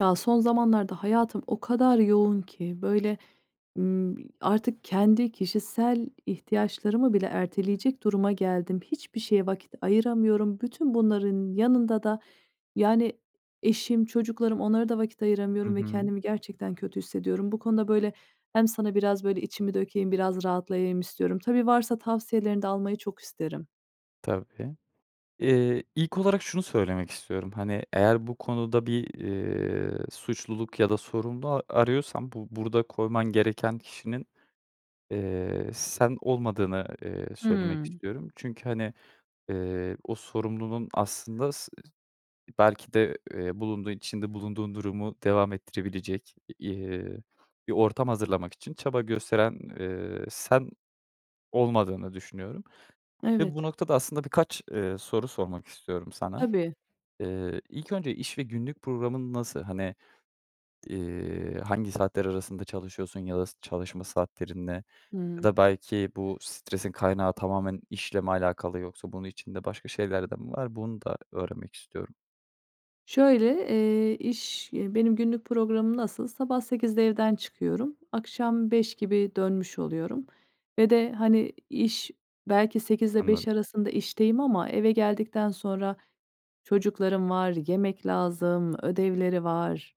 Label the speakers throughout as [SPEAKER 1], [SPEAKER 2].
[SPEAKER 1] Ya, son zamanlarda hayatım o kadar yoğun ki, böyle, ımm, artık kendi kişisel ihtiyaçlarımı bile erteleyecek duruma geldim. Hiçbir şeye vakit ayıramıyorum. Bütün bunların yanında da yani eşim, çocuklarım onlara da vakit
[SPEAKER 2] Hı
[SPEAKER 1] ayıramıyorum ve
[SPEAKER 2] hı.
[SPEAKER 1] kendimi gerçekten kötü hissediyorum. Bu konuda, böyle, hem sana biraz, böyle, içimi dökeyim, biraz rahatlayayım istiyorum. Tabii, varsa tavsiyelerini de almayı çok isterim.
[SPEAKER 2] Tabii, ııı, ilk olarak şunu söylemek istiyorum, hani eğer bu konuda bir, ııı, suçluluk ya da sorumlu a arıyorsan bu burada koyman gereken kişinin, eee, sen olmadığını, eee, söylemek
[SPEAKER 1] Hıı.
[SPEAKER 2] istiyorum. Çünkü, hani, eee, o sorumluluğun aslında s se belki de, eee, bulunduğun, içinde bulunduğun durumu devam ettirebilecek, eee, bir ortam hazırlamak için çaba gösteren, eee, sen olmadığını düşünüyorum ve bu
[SPEAKER 1] Evet.
[SPEAKER 2] noktada aslında birkaç, ııı, soru sormak istiyorum sana.
[SPEAKER 1] Tabii.
[SPEAKER 2] Iıı, ilk önce iş ve günlük programın nasıl? Hani, eee, hangi saatler arasında çalışıyorsun ya da s çalışma saatlerin ne ya
[SPEAKER 1] Imm.
[SPEAKER 2] da belki bu stresin kaynağı tamamen işle mi alakalı yoksa bunun içinde başka şeyler de mi var? Bunu da öğrenmek istiyorum.
[SPEAKER 1] Şöyle, eee, iş eee, benim günlük programım nasıl? Sabah 08.00'de evden çıkıyorum, akşam 17.00 gibi dönmüş oluyorum ve de, hani, iş belki sekizle
[SPEAKER 2] Anladım.
[SPEAKER 1] beş arasında işteyim ama eve geldikten sonra çocuklarım var, yemek lazım, ödevleri var.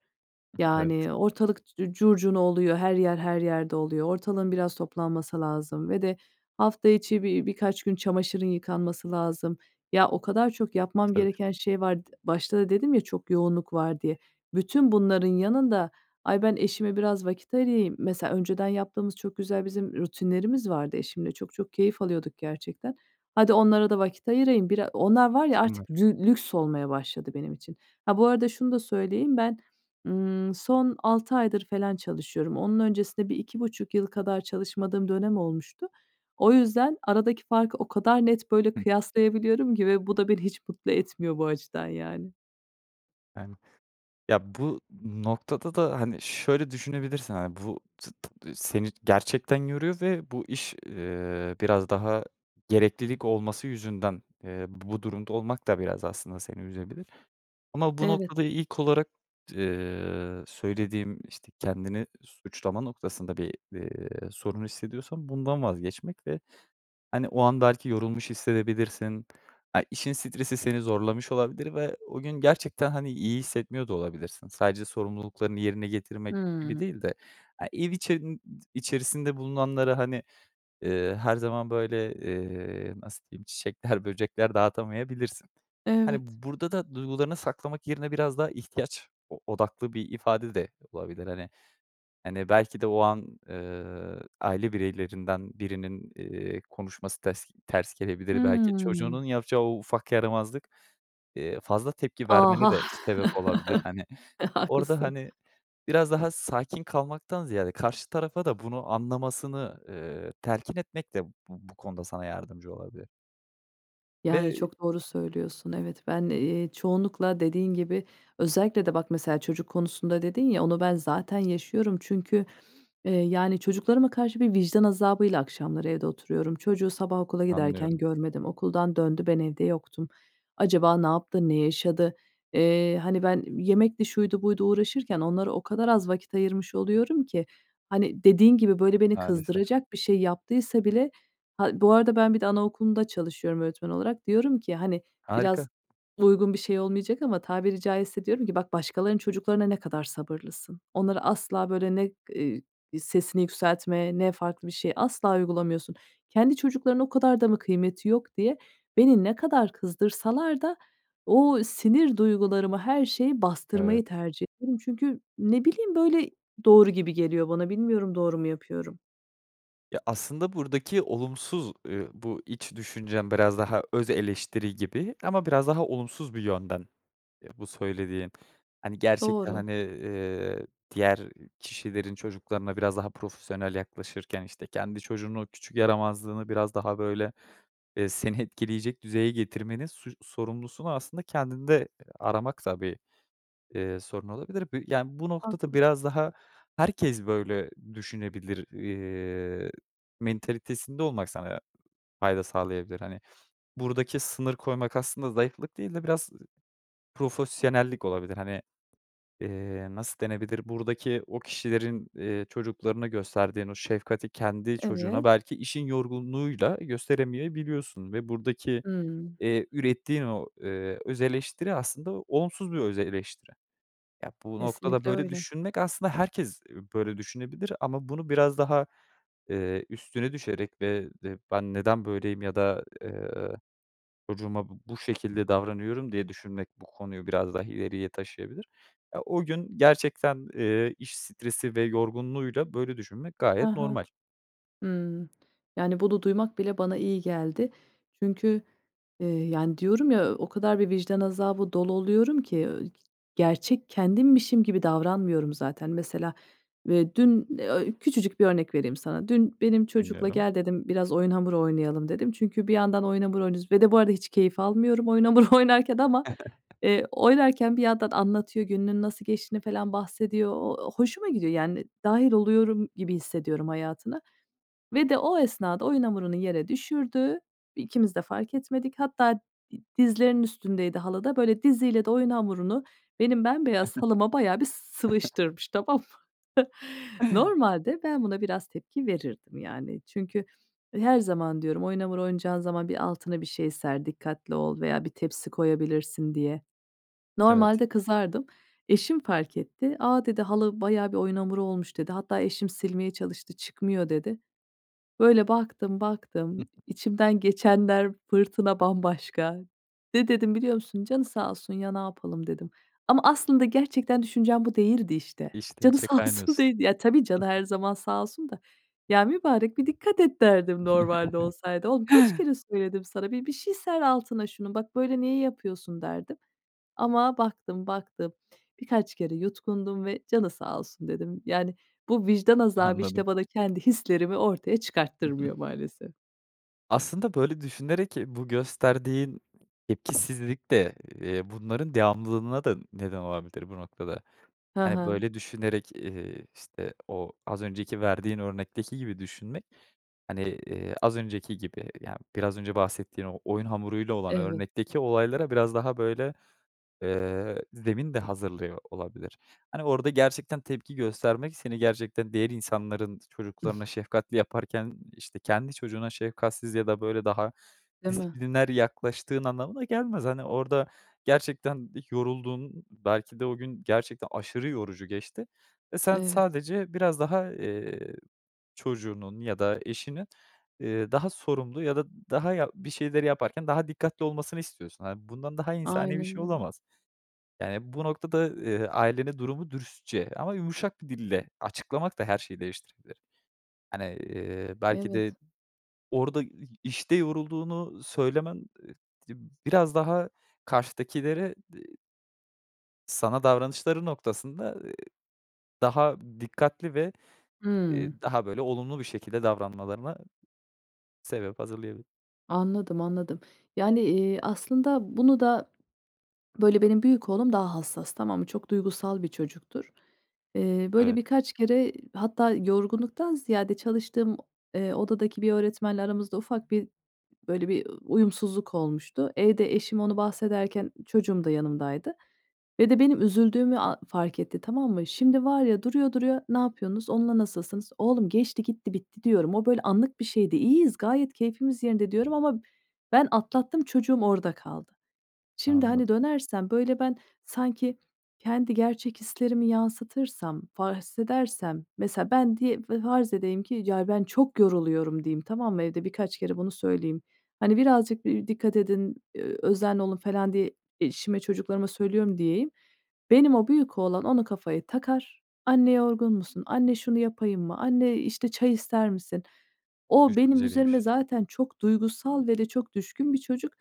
[SPEAKER 2] Evet.
[SPEAKER 1] Yani ortalık c curcuna oluyor. Her yer her yerde oluyor. Ortalığın biraz toplanması lazım ve de hafta içi bi bir birkaç gün çamaşırın yıkanması lazım. Ya, o kadar çok yapmam
[SPEAKER 2] Tabii.
[SPEAKER 1] gereken şey var. D başta da dedim ya çok yoğunluk var diye. Bütün bunların yanında, ay, ben eşime biraz vakit ayırayım Mesela, önceden yaptığımız çok güzel bizim rutinlerimiz vardı eşimle. Çok çok keyif alıyorduk gerçekten. Hadi, onlara da vakit ayırayım. Bira onlar var ya, artık
[SPEAKER 2] [unintelligible]
[SPEAKER 1] dü lüks olmaya başladı benim için. Ha, bu arada şunu da söyleyeyim, ben, ımm, son 6 aydır felan çalışıyorum. Onun öncesinde bir 2,5 yıl kadar çalışmadığım dönem olmuştu. O yüzden aradaki farkı o kadar net, böyle,
[SPEAKER 2] Hı.
[SPEAKER 1] kıyaslayabiliyorum ki ve bu da beni hiç mutlu etmiyor bu açıdan, yani.
[SPEAKER 2] [unintelligible] Ya, bu noktada da, hani, şöyle düşünebilirsin, hani, bu [unintelligible] seni gerçekten yoruyor ve bu iş, eee, biraz daha gereklilik olması yüzünden, eee, bu durumda olmak da biraz aslında seni üzebilir. Ama bu
[SPEAKER 1] Evet.
[SPEAKER 2] noktada ilk olarak d eee, söylediğim işte kendini suçlama noktasında bir, iii, sorun hissediyorsan bundan vazgeçmek ve hani o an belki yorulmuş hissedebilirsin. Ha, işin stresi seni zorlamış olabilir ve o gün gerçekten hani iyi hissetmiyor da olabilirsin. Sadece sorumluluklarını yerine getirmek gibi
[SPEAKER 1] Hımm.
[SPEAKER 2] değil de, he, ev içerin içerisinde bulunanlara, hani, eee, her zaman, böyle, eee, nasıl diyeyim, çiçekler böcekler dağıtamayabilirsin. Hani,
[SPEAKER 1] Evet.
[SPEAKER 2] burada da duygularını saklamak yerine biraz daha ihtiyaç o odaklı bir ifade de olabilir, hani. Hani, belki de, o an, ııı, aile bireylerinden birinin, eee, konuşması tes ters gelebilir. Belki,
[SPEAKER 1] Hımm.
[SPEAKER 2] çocuğunun yapacağı o ufak yaramazlık, iii, fazla tepki
[SPEAKER 1] Ah,
[SPEAKER 2] vermene
[SPEAKER 1] ah,
[SPEAKER 2] de sebep olabilir, hani.
[SPEAKER 1] e,
[SPEAKER 2] Orada,
[SPEAKER 1] haklısın!
[SPEAKER 2] hani, biraz daha sakin kalmaktan ziyade karşı tarafa da bunu anlamasını, iii, telkin etmek de bu bu konuda sana yardımcı olabilir.
[SPEAKER 1] Yani,
[SPEAKER 2] Ve
[SPEAKER 1] çok doğru söylüyorsun. Evet, ben, eee, çoğunlukla dediğin gibi özellikle de bak, mesela çocuk konusunda dedin ya, onu ben zaten yaşıyorum. Çünkü, eee, yani çocuklarıma karşı bir vicdan azabıyla akşamları evde oturuyorum. Çocuğu sabah okula giderken
[SPEAKER 2] Anlıyorum.
[SPEAKER 1] görmedim. Okuldan döndü. Ben evde yoktum. Acaba ne yaptı, ne yaşadı? Eee, hani ben yemekti şuydu buydu uğraşırken onlara o kadar az vakit ayırmış oluyorum ki, hani dediğin gibi böyle beni
[SPEAKER 2] Maalesef.
[SPEAKER 1] kızdıracak bir şey yaptıysa bile Ha, bu arada ben bir de anaokulunda çalışıyorum öğretmen olarak. Diyorum ki, hani, biraz
[SPEAKER 2] Harika.
[SPEAKER 1] uygun bir şey olmayacak ama tabiri caizse diyorum ki "Bak başkalarının çocuklarına ne kadar sabırlısın. Onları asla böyle ne, iii, sesini yükseltme, ne farklı bir şey asla uygulamıyorsun. Kendi çocuklarının o kadar da mı kıymeti yok?" diye beni ne kadar kızdırsalar da o sinir duygularımı, her şeyi
[SPEAKER 2] Evet.
[SPEAKER 1] bastırmayı tercih ederim. Çünkü ne bileyim böyle doğru gibi geliyor bana. Bilmiyorum, doğru mu yapıyorum?
[SPEAKER 2] Ya, aslında buradaki olumsuz, eee, bu iç düşüncem biraz daha öz eleştiri gibi ama biraz daha olumsuz bir yönden bu söylediğin. Hani, gerçekten,
[SPEAKER 1] Doğru.
[SPEAKER 2] hani, eee, diğer kişilerin çocuklarına biraz daha profesyonel yaklaşırken, işte, kendi çocuğunun o küçük yaramazlığını biraz daha, böyle, eee, seni etkileyecek düzeye getirmenin suç sorumlusunu aslında kendinde aramak da bir, eee, sorun olabilir. Bu Yani, bu noktada
[SPEAKER 1] Haklısın.
[SPEAKER 2] biraz daha "Herkes böyle düşünebilir." eee, mentalitesinde olmak sana fayda sağlayabilir. Hani, buradaki sınır koymak aslında zayıflık değil de biraz, ı profesyonellik olabilir. Hani, eee, nasıl denebilir? Buradaki o kişilerin, eee, çocuklarına gösterdiğin o şefkati kendi çocuğuna
[SPEAKER 1] Evet.
[SPEAKER 2] belki işin yorgunluğuyla, eee, gösteremeyebiliyorsun ve buradaki,
[SPEAKER 1] Hıı.
[SPEAKER 2] eee, ürettiğin o, eee, özeleştiri aslında onsuz bir özeleştiri. Ya, bu noktada
[SPEAKER 1] Kesinlikle
[SPEAKER 2] böyle
[SPEAKER 1] öyle.
[SPEAKER 2] düşünmek aslında herkes, ııı, böyle düşünebilir ama bunu biraz daha, eee, üstüne düşerek ve de "Ben neden böyleyim?" ya da, ııı, "Çocuğuma bu bu şekilde davranıyorum?" diye düşünmek bu konuyu biraz daha ileriye taşıyabilir. Ya o gün gerçekten, eee, iş stresi ve yorgunluğuyla böyle düşünmek gayet
[SPEAKER 1] Ha ha.
[SPEAKER 2] normal.
[SPEAKER 1] Hımm. Yani, bunu duymak bile bana iyi geldi. Çünkü, eee, yani, diyorum ya, o kadar bir vicdan azabı dolu oluyorum ki. Gerçek kendimmişim gibi davranmıyorum zaten. Mesela, ve dün, eee, küçücük bir örnek vereyim sana. Dün benim çocukla,
[SPEAKER 2] Dinliyorum.
[SPEAKER 1] "Gel." dedim, "Biraz oyun hamuru oynayalım." dedim. Çünkü bir yandan oyun hamuru oynuyoruz ve de bu arada hiç keyif almıyorum oyun hamuru oynarken ama, eee, oynarken bir yandan anlatıyor, gününün nasıl geçtiğini falan bahsediyor. Ooo, hoşuma gidiyor, yani, dâhil oluyorum gibi hissediyorum hayatına ve de o esnada oyun hamurunu yere düşürdü. İkimiz de fark etmedik. Hatta d dizlerinin üstündeydi halıda. Böyle, diziyle de oyun hamurunu benim bembeyaz halıma bayağı bir s sıvıştırmış. Tamam mı? Normalde ben buna biraz tepki verirdim, yani. Çünkü her zaman diyorum, "Oyun hamuru oynayacağın zaman bir altına bir şey ser, dikkatli ol veya bir tepsi koyabilirsin." diye.
[SPEAKER 2] Evet.
[SPEAKER 1] Normalde kızardım. Eşim fark etti. "A," dedi, "halı bayağı bir oyun hamuru olmuş." dedi. Hatta eşim silmeye çalıştı, "Çıkmıyor." dedi. Böyle baktım, baktım. İçimden geçenler, fırtına bambaşka. Ne dedim biliyor musun? "Canı sağ olsun ya, ne yapalım." dedim ama aslında gerçekten düşüncem bu değildi, işte.
[SPEAKER 2] İçten
[SPEAKER 1] Canı
[SPEAKER 2] içe
[SPEAKER 1] sağ olsun
[SPEAKER 2] kaynıyorsun.
[SPEAKER 1] değildi. Ya, tabii canı
[SPEAKER 2] Hı
[SPEAKER 1] her
[SPEAKER 2] hı.
[SPEAKER 1] zaman sağ olsun da. ”Ya mübarek, bir dikkat et.” derdim normalde olsaydı. "Oğlum, kaç kere söyledim sana? Bir bir şey ser altına şunun. Bak, böyle niye yapıyorsun." derdim ama baktım, baktım, birkaç kere yutkundum ve "Canı sağ olsun." dedim. Yani, bu vicdan azabı, işte,
[SPEAKER 2] Anladım.
[SPEAKER 1] bana kendi hislerimi ortaya çıkarttırmıyor, maalesef.
[SPEAKER 2] Aslında böyle düşünerek bu gösterdiğin, ııı, tepkisizlik de, eee, bunların devamlılığına da neden olabilir bu noktada.
[SPEAKER 1] He
[SPEAKER 2] Hani, böyle
[SPEAKER 1] he.
[SPEAKER 2] düşünerek, eee, işte, o az önceki verdiğin örnekteki gibi düşünmek, hani, eee, az önceki gibi ya, biraz önce bahsettiğin o oyun hamuruyla olan
[SPEAKER 1] Evet.
[SPEAKER 2] örnekteki olaylara biraz daha, böyle, eee, zemin de hazırlıyor olabilir. Hani, orada gerçekten tepki göstermek seni gerçekten diğer insanların çocuklarına şefkatli yaparken, işte, kendi çocuğuna şefkatsiz ya da, böyle, daha
[SPEAKER 1] Değil mi?
[SPEAKER 2] disipliner yaklaştığın anlamına gelmez. Hani, orada gerçekten yorulduğun belki de o gün gerçekten aşırı yorucu geçti ve sen
[SPEAKER 1] Evet.
[SPEAKER 2] sadece biraz daha, eee, çocuğunun ya da eşinin, eee, daha sorumlu ya da daha ya bir şeyleri yaparken daha dikkatli olmasını istiyorsun. Hani, bundan daha insani bir
[SPEAKER 1] Aynen
[SPEAKER 2] şey
[SPEAKER 1] öyle.
[SPEAKER 2] olamaz. Yani, bu noktada, eee, ailene durumu dürüstçe ama yumuşak bir dille açıklamak da her şeyi değiştirebilir. Hani, eee, belki de
[SPEAKER 1] Evet.
[SPEAKER 2] orada i işte yorulduğunu söylemen e biraz daha karşıdakilere, eee Sana davranışları noktasında, eee, daha dikkatli ve, eee,
[SPEAKER 1] Hımm.
[SPEAKER 2] daha, böyle, olumlu bir şekilde davranmalarına sebep hazırlayabilir.
[SPEAKER 1] Anladım, anladım. Yani, eee, aslında bunu da, böyle, benim büyük oğlum daha hassas, tamam mı? Çok duygusal bir çocuktur. Eee, böyle,
[SPEAKER 2] Evet.
[SPEAKER 1] birkaç kere, eee, hatta yorgunluktan ziyade çalıştığım o, eee, odadaki bir öğretmenle aramızda ufak bir, böyle, bir, ııı, uyumsuzluk olmuştu. Evde eşim onu bahsederken ı çocuğum da yanımdaydı ve de benim üzüldüğümü a fark etti. Tamam mı? Şimdi, var ya, duruyor duruyor, "Ne yapıyorsunuz, onunla nasılsınız?" "Oğlum, geçti gitti, bitti." diyorum. "O böyle anlık bir şeydi. İyiyiz, gayet keyfimiz yerinde." diyorum ama ben atlattım, çocuğum orada kaldı. Şimdi,
[SPEAKER 2] Anladım.
[SPEAKER 1] hani, dönersem, böyle, ben sanki kendi gerçek hislerimi yansıtırsam, farz edersem, mesela, ben, diye, fe farz edeyim ki, ya ben çok yoruluyorum diyeyim, tamam mı? Evde birkaç kere bunu söyleyeyim. Hani, birazcık, eee, dikkat edin, eee, özenli olun, falan, diye eşime, çocuklarıma söylüyorum diyeyim. Benim o büyük oğlan onu kafaya takar, "Anne, yorgun musun? Anne, şunu yapayım mı? Anne, eee, işte çay ister misin?" O benim
[SPEAKER 2] Düşünceliymiş.
[SPEAKER 1] üzerime zaten çok duygusal ve de çok düşkün bir çocuk.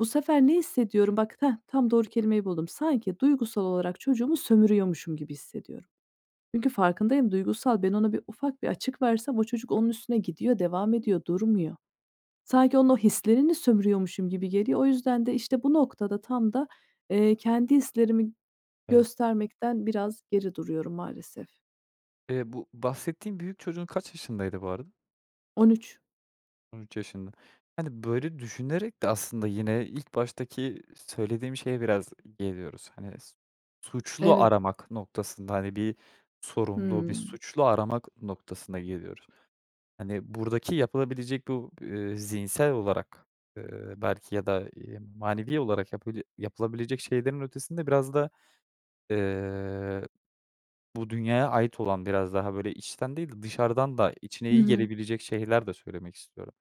[SPEAKER 1] Bu sefer ne hissediyorum? Bak, hah, tam doğru kelimeyi buldum. Sanki duygusal olarak çocuğumu sömürüyormuşum gibi hissediyorum. Çünkü farkındayım, duygusal ben ona bir ufak bir açık versem o çocuk onun üstüne gidiyor, devam ediyor, durmuyor. Sanki onun o hislerini sömürüyormuşum gibi geliyor. O yüzden de, işte, bu noktada tam da, eee, kendi hislerimi
[SPEAKER 2] Evet.
[SPEAKER 1] göstermekten biraz geri duruyorum maalesef.
[SPEAKER 2] Eee, bu bahsettiğin büyük çocuğun kaç yaşındaydı bu arada?
[SPEAKER 1] 13
[SPEAKER 2] 13 yaşında. Hani, böyle düşünerek de aslında yine ilk baştaki söylediğim şeye biraz geliyoruz. Hani, s suçlu
[SPEAKER 1] Evet.
[SPEAKER 2] aramak noktasında, hani, bir sorumlu, bir
[SPEAKER 1] Imm.
[SPEAKER 2] suçlu aramak noktasına geliyoruz. Hani, buradaki yapılabilecek bu, ııı, zihinsel olarak, ııı, belki, ya da, ııı, manevi olarak yapabi yapılabilecek şeylerin ötesinde biraz da, ııı, bu dünyaya ait olan, biraz daha, böyle, içten değil de dışarıdan da içine
[SPEAKER 1] Hı
[SPEAKER 2] iyi
[SPEAKER 1] hı.
[SPEAKER 2] gelebilecek şeyler de söylemek istiyorum.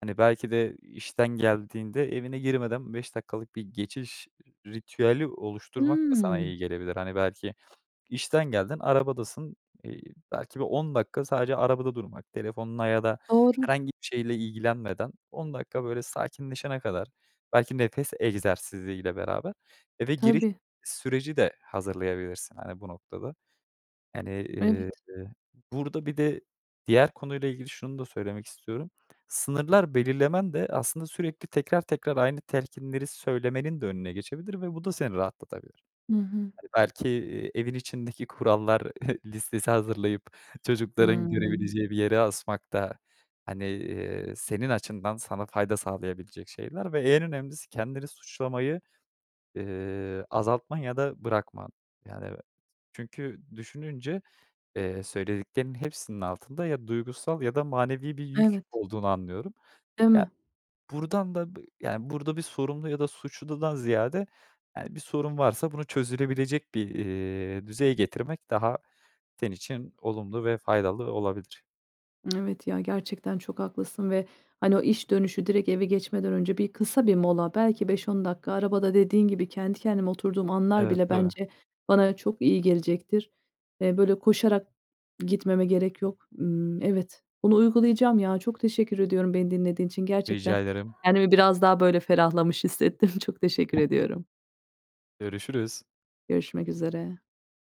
[SPEAKER 2] Hani, belki de işten geldiğinde evine girmeden 5 dakikalık bir geçiş ritüeli oluşturmak da sana
[SPEAKER 1] Hmm
[SPEAKER 2] iyi gelebilir. Hani, belki işten geldin, arabadasın, iii, belki bir 10 dakika sadece arabada durmak telefonla ya da
[SPEAKER 1] Doğru.
[SPEAKER 2] herhangi bir şeyle ilgilenmeden 10 dakika böyle sakinleşene kadar, belki, nefes egzersiziyle beraber eve giriş
[SPEAKER 1] Tabii.
[SPEAKER 2] süreci de hazırlayabilirsin, hani, bu noktada. Yani, ııı,
[SPEAKER 1] Evet.
[SPEAKER 2] burada bir de diğer konuyla ilgili şunu da söylemek istiyorum, sınırlar belirlemen de aslında sürekli tekrar tekrar aynı telkinleri söylemenin de önüne geçebilir ve bu da seni rahatlatabilir.
[SPEAKER 1] Hı hı.
[SPEAKER 2] Hani, belki, eee, evin içindeki kurallar listesi hazırlayıp çocukların
[SPEAKER 1] Hıı.
[SPEAKER 2] görebileceği bir yere asmak da, hani, ııı, senin açından sana fayda sağlayabilecek şeyler ve en önemlisi kendini suçlamayı, ııı, azaltman ya da bırakman, yani. Çünkü düşününce, iii, söylediklerinin hepsinin altında ya duygusal ya da manevi bir yük
[SPEAKER 1] Evet.
[SPEAKER 2] olduğunu anlıyorum.
[SPEAKER 1] Değil
[SPEAKER 2] Ya,
[SPEAKER 1] mi?
[SPEAKER 2] buradan da, yani, burada bir sorumlu ya da suçludan ziyade, yani, bir sorun varsa bunu çözülebilecek bir, iii, düzeye getirmek daha senin için olumlu ve faydalı olabilir.
[SPEAKER 1] Evet, ya, gerçekten çok haklısın ve, hani, o iş dönüşü direkt eve geçmeden önce bir kısa bir mola, belki, 5-10 dakika arabada dediğin gibi kendi kendime oturduğum anlar
[SPEAKER 2] Evet,
[SPEAKER 1] bile
[SPEAKER 2] tabii.
[SPEAKER 1] bence bana çok iyi gelecektir. Eee, böyle koşarak gitmeme gerek yok. Imm, evet, bunu uygulayacağım, ya. Çok teşekkür ediyorum beni dinlediğin için.
[SPEAKER 2] Rica
[SPEAKER 1] Gerçekten
[SPEAKER 2] ederim.
[SPEAKER 1] kendimi biraz daha, böyle, ferahlamış hissettim. Çok teşekkür ediyorum.
[SPEAKER 2] Görüşürüz.
[SPEAKER 1] Görüşmek üzere.